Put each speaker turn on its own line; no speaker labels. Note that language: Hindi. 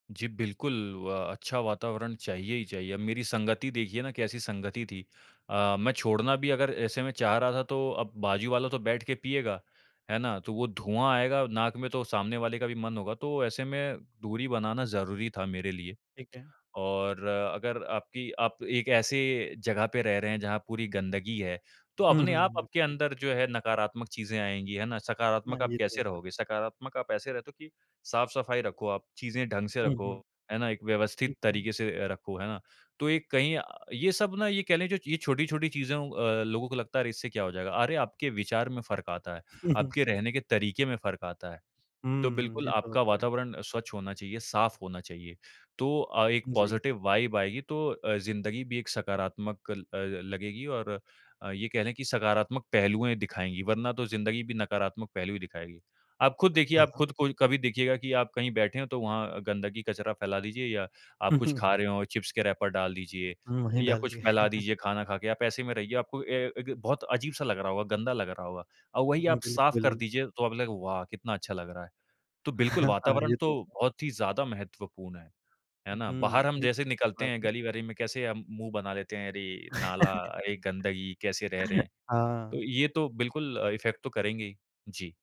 जी, बिल्कुल, व अच्छा वातावरण चाहिए ही चाहिए, अब मेरी संगति देखिए ना कैसी संगति थी। अ, मैं छोड़ना भी अगर ऐसे में चाह रहा था तो, अब बाजू वाला तो बैठ के पिएगा, है ना? तो वो धुआँ आएगा नाक में, तो सामने वाले का भी मन होगा, तो ऐसे में दूरी बनाना ज़रूरी था मेरे लिए।
ठीक है।
और अगर आपकी आप एक ऐसे ज़गह पे रह रहे हैं, जहाँ पूरी गंदगी है, तो
हुँ,
अपने
हुँ,
आप
हुँ।
आपके
ब
अंदर जो है नकारात्मक चीज़ें आएँगी है ना।
हाँ,
सकारात्मक आप
ये तो
कैसे
है।
रहोगे, सकारात्मक आप ऐसे रहते हो कि साफ़-सफ़ाई रखो आप, चीज़ें ढंग से
हुँ,
रखो,
हुँ।
है ना, एक व्यवस्थित
ठीक है।
तरीके से अ, रखो, है ना। तो ये कहीं अ, ये सब ना ये कह लें जो ये छोटी-छोटी चीज़ों अ, लोगों को लगता है अरे! इससे क्या हो जाएगा, अरे! आपके विचार में फ़र्क आता है, आपके रहने के तरीक़े में फ़र्क आता है। तो
हम्म,
बिल्कुल
ये तो
आपका
होता है।
वातावरण स्वच्छ होना चाहिए, साफ़ होना चाहिए तो अ, एक
जी।
पॉज़िटिव वाइब आएगी तो अ, ज़िंदगी भी एक सकारात्मक ल अ, लगेगी और अ, ये कह ले कि सकारात्मक पहलुएँ दिखाएँगी, वरना तो ज़िंदगी भी नकारात्मक पहलू ही दिखाएगी। आप खुद
अ,
देखिए
हाँ,
आप
हाँ।
खुद को कभी देखिएगा कि आप कहीं बैठे हो, तो वहाँ गंदगी कचरा फैला दीजिए या आप कुछ खा रहे हो, चिप्स के रैपर डाल दीजिए
हुँ, वही
या
डाल
कुछ
दिए।
फैला दीजिए खाना खाके, आप ऐसे में रहिए आपको ए एक बहुत अजीब-सा लग रहा होगा, गंदा लग रहा होगा। अब वही
हुँ,
आप साफ़ कर
बिल्कुल।
दीजिए तो अब लग वाह! कितना अच्छा लग रहा है, तो बिल्कुल,
हाँ,
वातावरण
ये
तो
तो।
बहुत ही ज़्यादा महत्वपूर्ण है। है ना?
हुँ,
बाहर हम
ये
जैसे
तो
निकलते
बात
हैं,
है।
गली वरे में कैसे हम मुँह बना लेते हैं अरे! नाला, अरे गंदगी, कैसे रह रहे हैं? तो
हाँ।
ये तो बिल्कुल इफ़ेक्ट तो करेंगे ही। जी।